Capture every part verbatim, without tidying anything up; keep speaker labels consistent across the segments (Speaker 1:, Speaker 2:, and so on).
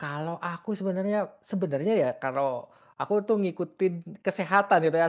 Speaker 1: Kalau aku sebenarnya sebenarnya, ya, kalau aku, tuh, ngikutin kesehatan itu, ya,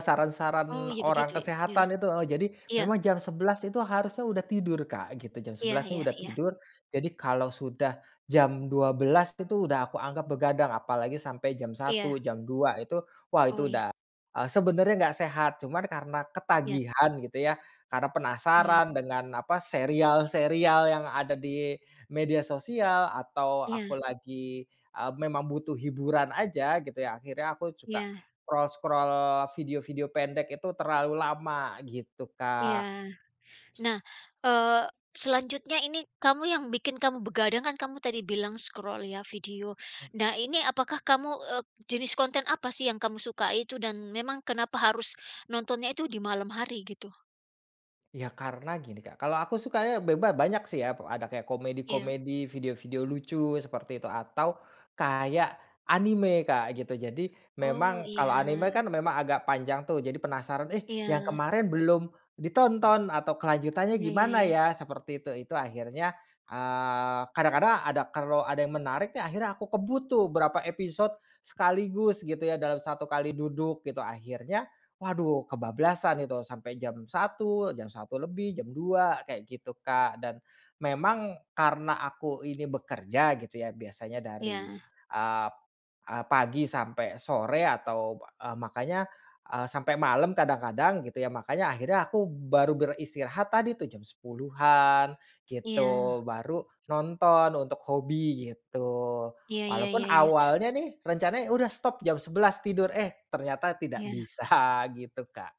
Speaker 2: Oh,
Speaker 1: saran-saran
Speaker 2: ya,
Speaker 1: orang
Speaker 2: begitu? Iya.
Speaker 1: kesehatan itu, heeh. Jadi
Speaker 2: Iya.
Speaker 1: memang jam sebelas itu harusnya udah tidur Kak gitu, jam
Speaker 2: Iya
Speaker 1: sebelas nih,
Speaker 2: iya
Speaker 1: udah
Speaker 2: iya.
Speaker 1: tidur. Jadi kalau sudah jam dua belas itu tuh, udah aku anggap begadang, apalagi sampai jam satu,
Speaker 2: Iya.
Speaker 1: jam dua itu, wah
Speaker 2: Oh,
Speaker 1: itu
Speaker 2: iya.
Speaker 1: udah, eee, sebenarnya enggak sehat, cuman karena
Speaker 2: Iya.
Speaker 1: ketagihan gitu, ya, karena
Speaker 2: Iya.
Speaker 1: penasaran dengan apa, serial-serial yang ada di media sosial, atau aku
Speaker 2: Iya.
Speaker 1: lagi, eee, memang butuh hiburan aja gitu, ya, akhirnya aku juga
Speaker 2: Iya.
Speaker 1: scroll-scroll, video-video pendek itu terlalu lama, gitu
Speaker 2: Iya.
Speaker 1: Kak.
Speaker 2: Nah, eee, selanjutnya ini kamu yang bikin kamu begadang, kan, kamu tadi bilang scroll ya, video.
Speaker 1: Ah
Speaker 2: Nah ini apakah kamu eee, jenis konten apa, sih, yang kamu sukai itu? Dan memang kenapa harus nontonnya itu di malam hari gitu?
Speaker 1: Iya, karena gini Kak, kalau aku sukanya beba banyak, sih, ya. Ada kayak
Speaker 2: Iya.
Speaker 1: komedi-komedi, video-video lucu seperti itu. Atau kayak anime Kak, gitu. Jadi
Speaker 2: Oh,
Speaker 1: memang kalau
Speaker 2: iya.
Speaker 1: anime kan, memang agak panjang, tuh, jadi penasaran, "Eh, yang
Speaker 2: Iya.
Speaker 1: kemarin belum ditonton atau kelanjutannya
Speaker 2: Iya iya
Speaker 1: gimana
Speaker 2: iya.
Speaker 1: ya?" seperti itu. Itu akhirnya, eee, kadang-kadang ada kalau ada yang menarik akhirnya aku kebut, tuh, berapa episode sekaligus gitu, ya, dalam satu kali duduk, gitu. Akhirnya, waduh kebablasan gitu sampai jam satu, jam satu lebih, jam dua, kayak gitu Kak. Dan, memang karena aku ini bekerja gitu, ya, biasanya dari,
Speaker 2: Iya.
Speaker 1: ap eee, pagi sampai sore atau ba eee, makanya, eee, sampai malam kadang-kadang gitu, ya. Makanya akhirnya aku baru beristirahat tadi, tuh, jam sepuluhan,
Speaker 2: Iya.
Speaker 1: gitu. Baru nonton untuk hobi gitu.
Speaker 2: Iya iya iya
Speaker 1: Walaupun
Speaker 2: iya.
Speaker 1: awalnya, nih, rencananya udah stop jam sebelas tidur. Eh, ternyata tidak
Speaker 2: Iya.
Speaker 1: bisa, gitu Kak.